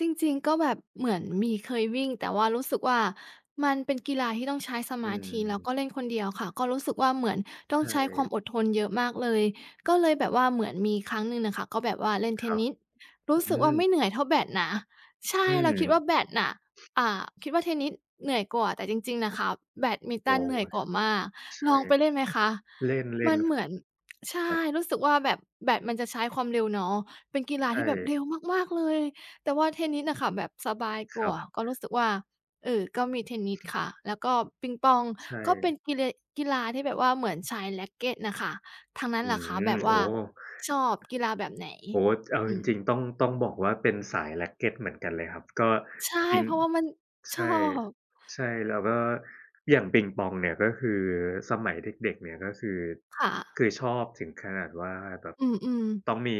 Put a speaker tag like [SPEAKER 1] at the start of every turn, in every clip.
[SPEAKER 1] จริง ๆ ก็แบบเหมือนมี เคยวิ่ง แต่ว่ารู้สึกว่ามันเป็น กีฬาที่ต้องใช้ส
[SPEAKER 2] อ
[SPEAKER 1] ม
[SPEAKER 2] ื
[SPEAKER 1] าธิ แล้ว
[SPEAKER 2] ม
[SPEAKER 1] ก็เล่นคนเดียวค่ะ ก็รู้สึกว่าเหมือนต
[SPEAKER 2] ใช
[SPEAKER 1] ้องใช้ความ
[SPEAKER 2] ่
[SPEAKER 1] อดทนเยอะมากเลย ก็เลยแบบว่าเหมือนมีครั้งหนึ่งน่ะค่ะ ก็แบบว่าเล่นเท
[SPEAKER 2] คร
[SPEAKER 1] น
[SPEAKER 2] ับ
[SPEAKER 1] นิส รู
[SPEAKER 2] อ
[SPEAKER 1] ้
[SPEAKER 2] ื
[SPEAKER 1] สึกว่า
[SPEAKER 2] ม
[SPEAKER 1] ไม่เหนื่อยเท่าแบดนะ ใช่
[SPEAKER 2] อื
[SPEAKER 1] เราคิด
[SPEAKER 2] ม
[SPEAKER 1] ว่าแบดน่ะ อ่า คิดว่าเทนนิสเหนื่อยกว่า แต่จริง ๆ น่ะคะแบดมินต
[SPEAKER 2] อ๋อ
[SPEAKER 1] ันเหนื่อยก
[SPEAKER 2] ช
[SPEAKER 1] ว่ามาก
[SPEAKER 2] ใช
[SPEAKER 1] ล
[SPEAKER 2] ่
[SPEAKER 1] องไปเล่นไหมคะ?
[SPEAKER 2] เล
[SPEAKER 1] ม
[SPEAKER 2] ่
[SPEAKER 1] ั
[SPEAKER 2] น
[SPEAKER 1] นเหมือน ใช
[SPEAKER 2] ๆ ค
[SPEAKER 1] ่
[SPEAKER 2] รับ
[SPEAKER 1] รู้สึกว่า แบบแบดมันจะใช้ความเร็วเนาะ เป็นกีฬา
[SPEAKER 2] ใช
[SPEAKER 1] ที่แบบ
[SPEAKER 2] ่
[SPEAKER 1] เร็วมาก ๆ เลย แต่ว่าเทนนิสน่ะค่ะแบบสบายก
[SPEAKER 2] ค
[SPEAKER 1] ว
[SPEAKER 2] รั
[SPEAKER 1] ่า
[SPEAKER 2] บ
[SPEAKER 1] ก็รู้สึกว่า เอ่อ ก็มีเทนนิสค่ะ แล้วก็ปิงปอง
[SPEAKER 2] ใช
[SPEAKER 1] ก็เป็น
[SPEAKER 2] ่
[SPEAKER 1] กีเล กีฬาที่แบบว่าเหมือนใช้แร็กเกตน่ะค่ะ ทางนั้
[SPEAKER 2] อ
[SPEAKER 1] น
[SPEAKER 2] ื
[SPEAKER 1] ล่ะคะแ
[SPEAKER 2] ม
[SPEAKER 1] บบว
[SPEAKER 2] โอ
[SPEAKER 1] ่
[SPEAKER 2] ้
[SPEAKER 1] าชอบกีฬาแบบ ไหน?
[SPEAKER 2] โอ้โฮ เอา
[SPEAKER 1] อื
[SPEAKER 2] จร
[SPEAKER 1] ม
[SPEAKER 2] ิง ๆ ต้อง ต้องบอกว่าเป็นสายแร็กเกตเหมือนกันเลยครับ ก็
[SPEAKER 1] ใช่
[SPEAKER 2] จริง
[SPEAKER 1] เพราะว่ามัน
[SPEAKER 2] ใ
[SPEAKER 1] ช
[SPEAKER 2] ช
[SPEAKER 1] อ
[SPEAKER 2] ่
[SPEAKER 1] บ
[SPEAKER 2] ใช่ แล้วก็อย่างปิงปองเนี่ย ก็คือสมัยเด็ก ๆ เนี่ย ก็คือ
[SPEAKER 1] ค่
[SPEAKER 2] ค
[SPEAKER 1] ะ
[SPEAKER 2] ือชอบถึงขนาดว่าแบบ
[SPEAKER 1] อือ ๆ
[SPEAKER 2] ต้องมี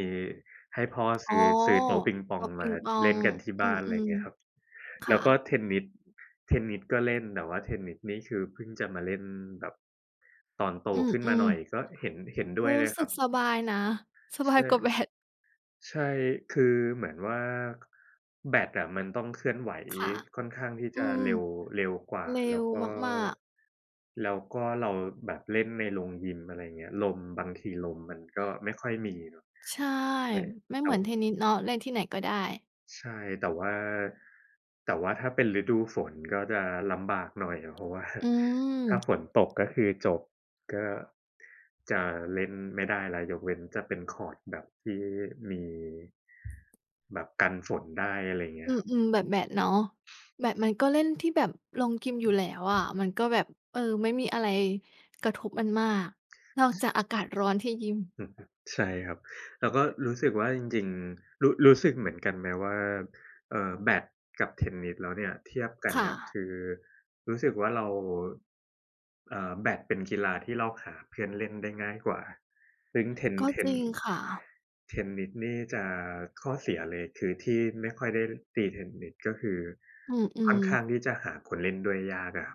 [SPEAKER 2] ให้พ่อ
[SPEAKER 1] อ
[SPEAKER 2] ซ
[SPEAKER 1] ๋อ
[SPEAKER 2] ื้อ ซื้อโต๊ะปิงป
[SPEAKER 1] โต
[SPEAKER 2] อง
[SPEAKER 1] ๊ะ ป
[SPEAKER 2] ม
[SPEAKER 1] ิ
[SPEAKER 2] า
[SPEAKER 1] งป
[SPEAKER 2] ที
[SPEAKER 1] อ
[SPEAKER 2] ่ เล่
[SPEAKER 1] ง
[SPEAKER 2] นกันที่
[SPEAKER 1] อ
[SPEAKER 2] บ
[SPEAKER 1] ื
[SPEAKER 2] ้าน ไร
[SPEAKER 1] ม
[SPEAKER 2] เงี้ยครับ
[SPEAKER 1] ๆ ค
[SPEAKER 2] แล
[SPEAKER 1] ่
[SPEAKER 2] ้วก็
[SPEAKER 1] ะ
[SPEAKER 2] เทนนิส เทนนิสก็เล่น แต่ว่าเทนนิสนี่คือ เพิ่งจะมาเล่นแบบตอนโต
[SPEAKER 1] อื
[SPEAKER 2] ขึ้นมา
[SPEAKER 1] ม
[SPEAKER 2] หน่อย ก็เห็น เห็นด
[SPEAKER 1] ๆ
[SPEAKER 2] ้
[SPEAKER 1] ร
[SPEAKER 2] ว
[SPEAKER 1] ู
[SPEAKER 2] ย
[SPEAKER 1] ้
[SPEAKER 2] เลย
[SPEAKER 1] ส
[SPEAKER 2] ค
[SPEAKER 1] ึ
[SPEAKER 2] รั
[SPEAKER 1] ก
[SPEAKER 2] บ
[SPEAKER 1] สบายนะ ส
[SPEAKER 2] ใ
[SPEAKER 1] บ
[SPEAKER 2] ช
[SPEAKER 1] าย
[SPEAKER 2] ่
[SPEAKER 1] กว่าแบด
[SPEAKER 2] ใช่ คือเหมือนว่า ค แบดอะมันต้องเคลื่อนไหว
[SPEAKER 1] ค่ะ
[SPEAKER 2] ค่อนข้างที่
[SPEAKER 1] อื
[SPEAKER 2] จะ
[SPEAKER 1] ม
[SPEAKER 2] เร็ว เร็วกว่า
[SPEAKER 1] เร็
[SPEAKER 2] แล้
[SPEAKER 1] ว
[SPEAKER 2] วก็
[SPEAKER 1] มาก ๆ
[SPEAKER 2] แล้วก็เราแบบเล่นในโรงยิม อะไรเงี้ย ลม บางทีลมมันก็ไม่ค่อยมี เนาะ
[SPEAKER 1] ใช่
[SPEAKER 2] แบ
[SPEAKER 1] ไม่
[SPEAKER 2] เร
[SPEAKER 1] เห
[SPEAKER 2] า
[SPEAKER 1] มือนเทนนิสเนาะ เล่นที่ไหนก็ได้
[SPEAKER 2] ใช่ แต่ว่า แต่ว่าถ้าเป็นฤดูฝนก็จะลำบากหน่อย เพราะว่า
[SPEAKER 1] อืม
[SPEAKER 2] ถ้าฝนตก ก็คือจบ ก็จะเล่นไม่ได้แล้ว ยกเว้นจะเป็นคอร์ตแบบที่มี แบบกันฝนได้ อะไรอย่างเงี
[SPEAKER 1] อ
[SPEAKER 2] ้
[SPEAKER 1] ื
[SPEAKER 2] ยครับ
[SPEAKER 1] ม ๆ แบบแบดเนาะ แบดมันก็เล่นที่แบบโรงยิม อยู่แล้วอะมันก็แบบ เอ่อ ไม่มีอะไรกระทบมันมากนอกจากอากาศร้อนที่ยิม
[SPEAKER 2] อือฮึ ใช่ครับ แล้วก็รู้สึกว่า จริง ๆ รู้ รู้สึกเหมือนกันไหมว่า เอ่อ แบดกับ เทนนิสแล้วเนี่ย เทียบกั
[SPEAKER 1] ค
[SPEAKER 2] น
[SPEAKER 1] ่
[SPEAKER 2] กับ
[SPEAKER 1] ะ
[SPEAKER 2] คือรู้สึกว่า เรา เอ่อ แบดเป็นกีฬาที่เราหาเพื่อนเล่นได้ง่ายกว่า ซึ่งเทน
[SPEAKER 1] ก็
[SPEAKER 2] เท
[SPEAKER 1] จร
[SPEAKER 2] น
[SPEAKER 1] ิงค่ะ
[SPEAKER 2] เทนนิสนี่จะข้อเสียเลย คือที่ไม่ค่อยได้ตีเทนนิส ก็คือ
[SPEAKER 1] อื
[SPEAKER 2] ค่อ
[SPEAKER 1] อ
[SPEAKER 2] นข
[SPEAKER 1] ๆ
[SPEAKER 2] ้างที่จะหาคนเล่นด้วยยาก อะ